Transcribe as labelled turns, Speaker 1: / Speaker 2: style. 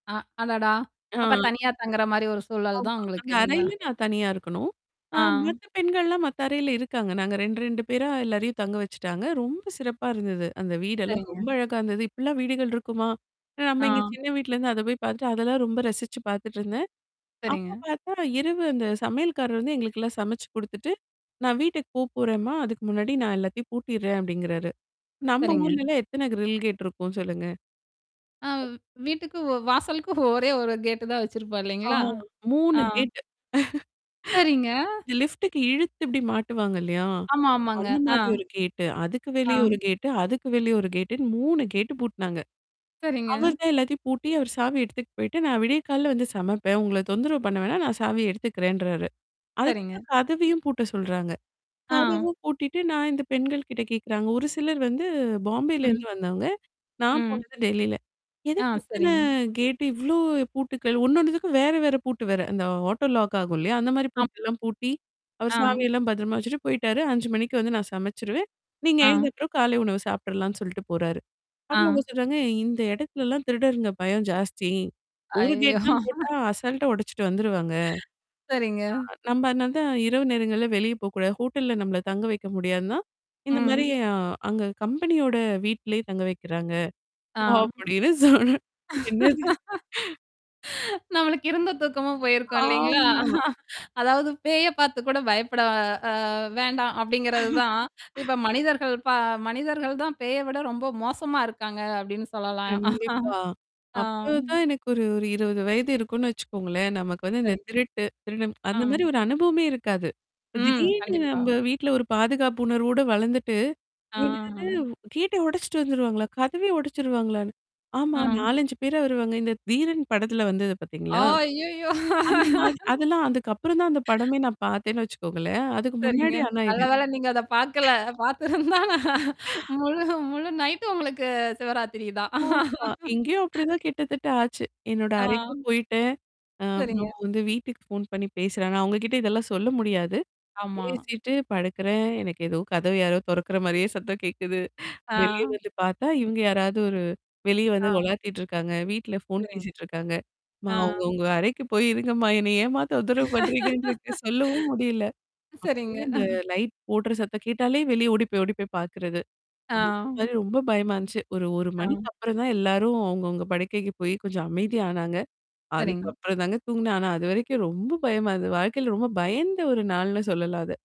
Speaker 1: அ அடடா! அப்ப
Speaker 2: ஆ.
Speaker 1: தனியா தங்குறமாரி ஒரு சூழல் தான்
Speaker 2: ஆமா. அந்த
Speaker 1: உங்களுக்கு இல்லேங்களா!
Speaker 2: அறையில நான் தனியா இருக்கணும். அ
Speaker 1: ஆ.
Speaker 2: மத்த பெண்கள்லாம் மத்த அறையில இருக்காங்க. நாங்க 2 , 2 பேரா எல்லாரையும் தங்க வச்சுட்டாங்க. ரொம்ப சிறப்பா இருந்தது. அந்த வீடெல்லாம்
Speaker 1: சரிங்க.
Speaker 2: ரொம்ப அழகா இருந்தது. இப்பிடிலாம் வீடுகள் இருக்குமா! ஏனா நம்ம இங்க
Speaker 1: ஆ.
Speaker 2: சின்ன வீட்லேருந்து அத போய் பார்த்துட்டு, அதெல்லாம் ரொம்ப ரசிச்சு பார்த்துட்டு இருந்தேன். அப்போ
Speaker 1: சரிங்க.
Speaker 2: பார்த்தா இரவு அந்த சமையல்காரர் வந்து எங்களுக்கெல்லாம் சமைச்சி கொடுத்துட்டு, "நான் வீட்டுக்கு போ போறேன்ம்மா, அதுக்கு முன்னாடி நான் எல்லாத்தையும் பூட்டிர்றேன்" அப்பிடிங்கிறாரு. நம்ம
Speaker 1: சரிங்க.
Speaker 2: ஊர்லலாம் எத்தன கிரில் கேட் இருக்கும். சொல்லுங்க.
Speaker 1: ஆ வ் வீட்டுக்கு வாசலுக்கு ஒரே ஒரு கேட்டு தான் வச்சிருப்போம் இல்லேங்களா!
Speaker 2: ஆவ்,
Speaker 1: ஆ.
Speaker 2: 3 கேட்
Speaker 1: சரிங்க.
Speaker 2: லிஃப்ட்க்கு இழுத்து இப்பிடி மாட்டுவாங்க இல்லயா!
Speaker 1: ஆமா, ஆமாங்க.
Speaker 2: அந்த
Speaker 1: ஆ.
Speaker 2: மாதிரி ஒரு கேட்டு. அதுக்கு வெளிய
Speaker 1: ஆ.
Speaker 2: ஒரு கேட்டு, அதுக்கு வெளிய ஒரு கேட்டுன்னு 3 கேட்டு பூட்னாங்க.
Speaker 1: சரிங்க.
Speaker 2: அவர்தான் எல்லாத்தையும் பூட்டி, அவர் சாவி எடுத்துட்டு போயிட்டு, நான் விடிய காலையில வந்து சமைப்பேன். உங்கள தொந்தரவு பண்ண வேணாம், நான் சாவிய எடுத்துக்கிறேன்றாரு.
Speaker 1: சரிங்க.
Speaker 2: அதுக்கப்பறம் கதவையும் பூட்ட சொல்றாங்க.
Speaker 1: ஆ.
Speaker 2: கதவ பூட்டிட்டு நான் இந்த பெண்கள்கிட்ட கேட்கிறாங்க, ஒரு சிலர் வந்து பாம்பேல
Speaker 1: ம்.
Speaker 2: இருந்து வந்தவங்க. நான்
Speaker 1: ம்.
Speaker 2: போனது டெல்லில.
Speaker 1: ஆ,
Speaker 2: எதுக்கு இத்தன
Speaker 1: சரிங்க.
Speaker 2: கேட்டு? இவ்ளோ பூட்டுக்கள்? ஒண்ணொண்ணுத்துக்கும் வேற, வேற பூட்டு வேற. அந்த ஆட்டோ லாக் ஆகும் இல்லயா! அந்தமாரி
Speaker 1: ஆம்
Speaker 2: பூட்டெல்லாம் பூட்டி, அவரு
Speaker 1: ஆ.
Speaker 2: சாவியெல்லாம் பத்திரமா வச்சுட்டு போய்ட்டாரு. 5:00 மணிக்கு வந்து நான் சமைச்சிருவேன். நீங்க
Speaker 1: ஆ.
Speaker 2: எழுந்தப்பறம் காலை உணவு சாப்பிட்ருலான்னு சொல்ட்டு போறாரு. அப்புறம் அவங்க
Speaker 1: ஆ.
Speaker 2: சொல்றாங்க இந்த இடத்துலெல்லாம் திருடர்ங்க பயம் ஜாஸ்தி. ஒரு
Speaker 1: அய்யயோ!
Speaker 2: கேட்லாம் போட்டா, அசால்ட்டா உடச்சிட்டு வந்துருவாங்க.
Speaker 1: சரிங்க.
Speaker 2: [unintelligible] நம்ம அதனால தான் இரவு நேரங்கள்ல வெளிய போ கூடாது, ஹோட்டல்ல நம்மள தங்க வைக்க முடியாதுதான்,
Speaker 1: ம்.
Speaker 2: இந்தமாரி அ அங்க கம்பெனியோட வீட்டிலே தங்க வைக்கிறாங்க,
Speaker 1: ஆ.
Speaker 2: அப்பிடின்னு சொன்ன என்னது!
Speaker 1: நம்மளுக்கு இருந்த தூக்கமும் போயிருக்கும் இல்லேங்களா!
Speaker 2: ஆமா.
Speaker 1: அதாவது பேய பார்த்து கூட பயப்பட அ வேண்டாம் அப்பிடிங்கிறது தான் இப்ப மனிதர்கள் ப மனிதர்கள் தான் பேய விட ரொம்ப மோசமா இருக்காங்க அப்பிடின்னு சொல்லலாம்.
Speaker 2: கண்டிப்பா.
Speaker 1: ஆ.
Speaker 2: அப்போது தான் எனக்கு ஒரு, ஒரு 20 வயது இருக்குன்னு வச்சுக்கோங்களேன்! நமக்கு வந்து இந்த
Speaker 1: சரிங்
Speaker 2: திருட்டு, திருடன்
Speaker 1: ஆ.
Speaker 2: அந்தமாரி ஒரு அனுபவமே இருக்காது. இப்ப
Speaker 1: ம்.
Speaker 2: திடீர்னு
Speaker 1: கண்டிப்பா.
Speaker 2: நம்ம வீட்ல ஒரு பாதுகாப்பு உணர்வோட வளர்ந்துட்டு, என்னது
Speaker 1: ஆ.
Speaker 2: அது கேட்ட உடைச்சுட்டு வந்துருவாங்களா! கதவே உடைச்சிருவாங்களான்னு. ஆமா,
Speaker 1: ம்.
Speaker 2: 4, 5 பேரா வருவாங்க. இந்த "தீரன்" படத்தில வந்தத
Speaker 1: அ.
Speaker 2: பார்த்தீங்களா?
Speaker 1: அய்யயோ!
Speaker 2: அந்தமாரி அதெல்லாம் அதுக்கப்பறந்தான் அந்த படமே நான் பார்த்தேன்னு வச்சுக்கோங்களேன்! அதுக்கு
Speaker 1: சரிங்க.
Speaker 2: முன்னாடி ஆனா
Speaker 1: நல்ல
Speaker 2: இது.
Speaker 1: வேள நீங்க அத பார்க்கல. பார்த்துருந்தா முழு முழு நைட்டு உங்களுக்கு சிவராத்திரி தான்
Speaker 2: ஆமா. இங்கேயும் அப்பிடி தான் கிட்டத்தட்ட ஆச்சு. என்னோட
Speaker 1: ஆ.
Speaker 2: அறைக்கும் போயிட்டேன். அ அப்புறம்
Speaker 1: சரிங்க.
Speaker 2: வந்து வீட்டுக்கு ஃபோன் பண்ணி பேசுறாங்க. அவங்ககிட்ட இதெல்லாம் சொல்ல முடியாது.
Speaker 1: ஆமா.
Speaker 2: பேசிட்டு படுக்கிறேன், எனக்கு ஏதோ கதவு யாரோ தொறக்கிற மாதிரியே சத்தம் கேட்குது. வெளிய
Speaker 1: ஆ.
Speaker 2: வந்து பார்த்தா, இவுங்க யாராவது ஒரு வெளிய வந்து
Speaker 1: ஆ.
Speaker 2: உலாத்திட்டு இருக்காங்க. வீட்ல ஃபோன்
Speaker 1: சரிங்க.
Speaker 2: பேசிட்டு இருக்காங்க. மா
Speaker 1: ஆ.
Speaker 2: அவுங்க, அவுங்க அறைக்கு போய் இருங்கம்மா! என்னைய ஏம்மா தொந்தரவு பண்றீங்கன்ட்டு இருக்கு சொல்லவும் முடியல.
Speaker 1: சரிங்க.
Speaker 2: அப்பிடியே அந்த லைட் போடுற சத்தம் கேட்டாலே வெளிய ஓடி போய் ஓடி போய் பார்க்கிறது.
Speaker 1: ஆ.
Speaker 2: அந்தமாரி ரொம்ப பயமா இருந்துச்சு. ஒரு, 1
Speaker 1: ஆ.
Speaker 2: மணிக்கு அப்புறம் தான் எல்லாரும் அவங்கவுங்க படுக்கைக்கு போய் கொஞ்சம் அமைதி ஆனாங்க.
Speaker 1: சரிங்க.
Speaker 2: அதுக்கப்புறம் தாங்க தூங்கினேன். ஆனா அதுவரைக்கும் ரொம்ப பயமாருந்தது. வாழ்க்கையில ரொம்ப பயந்த ஒரு நாள்ன்னு சொல்லலாம், அத.